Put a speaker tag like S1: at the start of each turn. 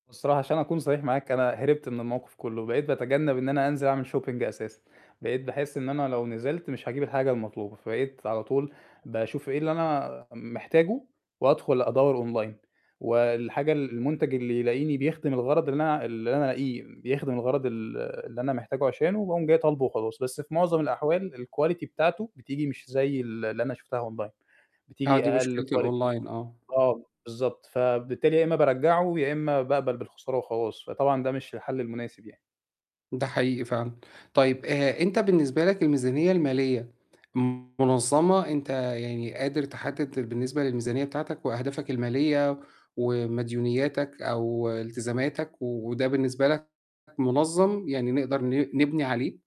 S1: هو الصراحة عشان أكون صريح معاك، أنا هربت من الموقف كُلّه، بقيت باتجنَّب إن أنا أنزِل أعمل shopping أساسًا، بقيت باحس إن أنا لو نزِلت مش هاجيب الحاجة المطلوبة، فبقيت على طول باشوف إيه اللي أنا محتاجُه وادخل أدوَّر online والحاجة ال المنتج اللي يلاقيني بيخدم الغرض اللي أنا اللي أنا ألاقيه بيخدم الغرض ال اللي أنا محتاجُه عشانه باقوم جاي طالبُه وخلاص، بس في مُعظَم الأحوال الquality بتاعته بتيجي مش زي ال اللي أنا شُفتها online،
S2: آه،
S1: بتيجي
S2: دي
S1: أقل
S2: مشكلة
S1: quality
S2: الonline آه.
S1: آه، بالضبط. فبالتالي يا إمّا بارجَّعه، يا إمّا باقبل بالخسارة وخلاص، فطبعًا ده مش الحَلّ المناسب يعني.
S2: ده حقيقي فعلًا، طيب آآ، أنت بالنسبة لك الميزانية المالية مُنظَّمة، أنت يعني قادر تحدِّد بالنسبة للميزانية بتاعتك وأهدافك المالية ومديونياتك أو التزاماتك، وده بالنسبة لك مُنظَّم؟ يعني نقدَر ن نبني عليه؟